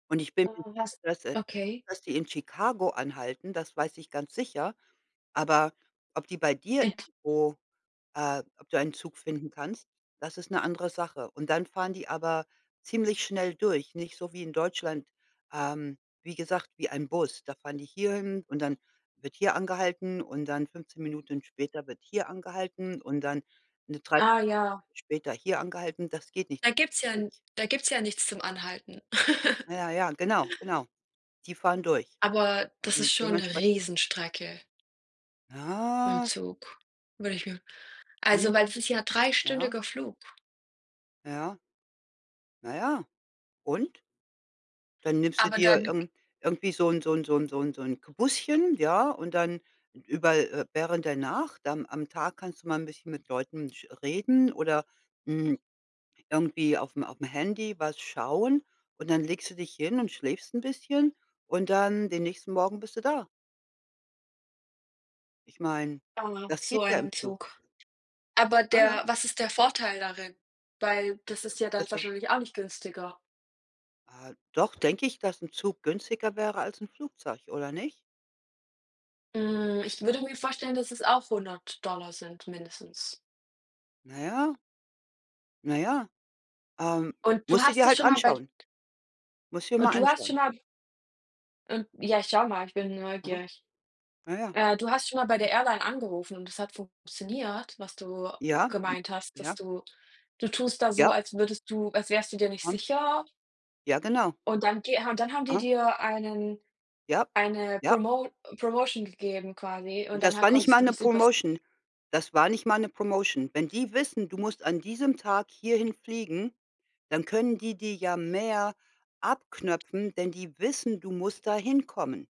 Und ich bin, Äh, was [unintelligible] okay. dass die in Chicago anhalten, das weiß ich ganz sicher, aber ob die bei dir Int irgendwo äh, ob du einen Zug finden kannst, das ist 'ne andere Sache. Und dann fahren die aber ziemlich schnell durch nicht so wie in Deutschland, ähm, wie gesagt, wie ein Bus. Da fahren die hierhin und dann wird hier angehalten und dann 15 Minuten später wird hier angehalten und dann 'ne 3/4 Ah, ja. Stunde später hier angehalten. Das geht nicht. Da gibt's ja n [unintelligible] da gibt's ja nichts zum Anhalten. Ja, ja, genau, genau. Die fahren durch Aber, das und ist schon 'ne dementsprechend Riesenstrecke mit'm Ah. Zug. Würde ich mir Mhm. also, weil es ist ja Ja. dreistündiger Flug. Ja. Na ja. Und? Dann nimmst du Aber dir dann irgend irgendwie wie so 'n so 'n so 'n so 'n, so 'n, [unintelligible] ja? Und dann über äh, während danach am am Tag kannst du mal 'n bisschen mit Leuten sch reden oder n irgendwie auf'm auf'm Handy was schauen und dann legst du dich hin und schläfst 'n bisschen und dann den nächsten Morgen bist du da. Ich meine, Aha, das so geht ja im einen Zug. Zug. Sber Aha. der was ist der Vorteil darin? Weil das ist ja dann [unintelligible] wahrscheinlich auch nicht günstiger. Äh, doch, denke ich, dass 'n Zug günstiger wäre als 'n Flugzeug, oder nicht? Hm, ich würde mir vorstellen, dass es auch 100 $ sind, mindestens. Na ja. Na ja. Ähm, Und du musst du hast dir es halt schon mal bei anschauen. Musst du dir Und mal du hast schon anschauen. mal Und ja, ich schau mal, ich bin Aha. neugierig. Na ja. Äh, du hast schon mal bei Hm. der Airline angerufen und es hat funktioniert, was du Ja. gemeint hast, dass Ja. du du tust da so, Ja. als würdest du als wärst du dir nicht Hm. sicher? Ja, genau. Und dann geha und dann haben die Aha. dir einen Ja, eine ja. Promo Promotion gegeben quasi und Das danach war nicht konntest mal du 'ne das übers Promotion das war nicht mal 'ne Promotion. Wenn die wissen, du musst an diesem Tag hierhin fliegen, dann können die dir ja mehr abknöpfen, denn die wissen, du musst da hinkommen.